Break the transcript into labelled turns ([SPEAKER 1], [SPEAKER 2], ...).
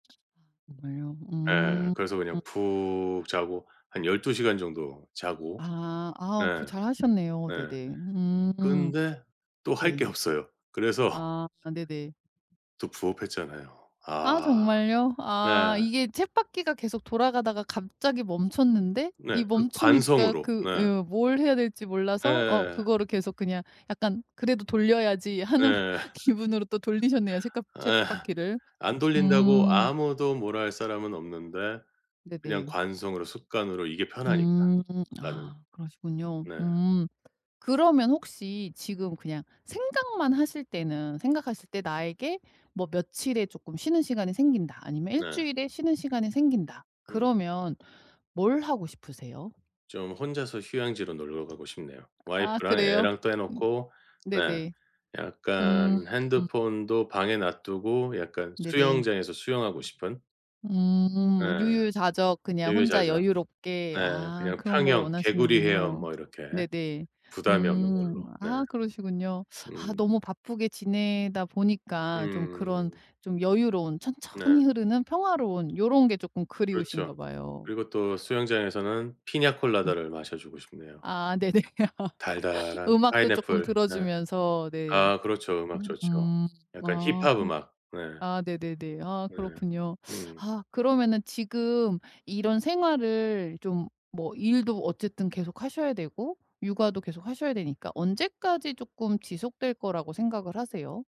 [SPEAKER 1] 정말요?
[SPEAKER 2] 예,
[SPEAKER 1] 음.
[SPEAKER 2] 그래서 그냥 푹 자고 한 12 시간 정도 자고
[SPEAKER 1] 아 아 그거
[SPEAKER 2] 네.
[SPEAKER 1] 잘하셨네요.
[SPEAKER 2] 네.
[SPEAKER 1] 네네. 음.
[SPEAKER 2] 근데 또 할
[SPEAKER 1] 네.
[SPEAKER 2] 게 없어요. 그래서
[SPEAKER 1] 아 네네.
[SPEAKER 2] 또 부업했잖아요.
[SPEAKER 1] 아
[SPEAKER 2] 아
[SPEAKER 1] 정말요?
[SPEAKER 2] 네.
[SPEAKER 1] 아 이게 쳇바퀴가 계속 돌아가다가 갑자기 멈췄는데,
[SPEAKER 2] 네
[SPEAKER 1] 이
[SPEAKER 2] 그
[SPEAKER 1] 멈추니까
[SPEAKER 2] 관성으로.
[SPEAKER 1] 그
[SPEAKER 2] 네.
[SPEAKER 1] 예 뭘 해야 될지 몰라서 어
[SPEAKER 2] 예.
[SPEAKER 1] 그거를 계속 그냥 약간 '그래도 돌려야지.' 하는
[SPEAKER 2] 예.
[SPEAKER 1] 기분으로 또 돌리셨네요. 쳇가
[SPEAKER 2] 예
[SPEAKER 1] 쳇바퀴를.
[SPEAKER 2] 안 돌린다고
[SPEAKER 1] 음.
[SPEAKER 2] 아무도 뭐라 할 사람은 없는데 그냥
[SPEAKER 1] 네네.
[SPEAKER 2] 관성으로 습관으로 이게 편하니까.
[SPEAKER 1] 음.
[SPEAKER 2] 나는.
[SPEAKER 1] 아 그러시군요.
[SPEAKER 2] 네.
[SPEAKER 1] 음. 그러면 혹시 지금 그냥 생각만 하실 때는 생각하실 때 '나에게 뭐 며칠에 쪼끔 쉬는 시간이 생긴다.' 아니면 '1
[SPEAKER 2] 네.
[SPEAKER 1] 주일의 쉬는 시간이 생긴다.'
[SPEAKER 2] 음.
[SPEAKER 1] 그러면 뭘 하고 싶으세요?
[SPEAKER 2] 좀 혼자서 휴양지로 놀러 가고 싶네요.
[SPEAKER 1] 아
[SPEAKER 2] 와이프랑
[SPEAKER 1] 그래요?
[SPEAKER 2] 애랑 떼어 놓고 네.
[SPEAKER 1] 네네. 음.
[SPEAKER 2] 약간 핸드폰도 방에 놔두고 약간
[SPEAKER 1] 네네.
[SPEAKER 2] 수영장에서 수영하고 싶은. 예
[SPEAKER 1] 음 유유자적 그냥 혼자
[SPEAKER 2] 유유자적.
[SPEAKER 1] 여유롭게
[SPEAKER 2] 네
[SPEAKER 1] 아
[SPEAKER 2] 그냥
[SPEAKER 1] 그런 걸
[SPEAKER 2] 평영, 개구리 헤엄
[SPEAKER 1] 원하시는군요.
[SPEAKER 2] 뭐 이렇게
[SPEAKER 1] 네네.
[SPEAKER 2] 부담이 없는
[SPEAKER 1] 음
[SPEAKER 2] 걸로. 네.
[SPEAKER 1] 아 그러시군요. 아
[SPEAKER 2] 음.
[SPEAKER 1] 너무 바쁘게 지내다 보니까 좀 그런
[SPEAKER 2] 음.
[SPEAKER 1] 좀 여유로운
[SPEAKER 2] 네.
[SPEAKER 1] 천천히 흐르는 평화로운 요론 게 쪼끔 그리우신가
[SPEAKER 2] 그렇죠.
[SPEAKER 1] 봐요.
[SPEAKER 2] 그리고 또 수영장에서는
[SPEAKER 1] 음.
[SPEAKER 2] 피냐콜라다를 마셔주고 싶네요.
[SPEAKER 1] 아 네네.
[SPEAKER 2] 달달한
[SPEAKER 1] 음악도 쪼끔
[SPEAKER 2] 파인애플. 네.
[SPEAKER 1] 들어주면서 네.
[SPEAKER 2] 아 그렇죠. 음악 좋죠.
[SPEAKER 1] 으음.
[SPEAKER 2] 약간
[SPEAKER 1] 아
[SPEAKER 2] 힙합
[SPEAKER 1] 그렇구
[SPEAKER 2] 음악. 네.
[SPEAKER 1] 아 네네네. 아
[SPEAKER 2] 네.
[SPEAKER 1] 그렇군요.
[SPEAKER 2] 음.
[SPEAKER 1] 아 그러면은 지금 이런 생활을 좀 뭐 일도 어쨌든 계속 하셔야 되고 육아도 계속하셔야 되니까 언제까지 쪼끔 지속될 거라고 생각을 하세요?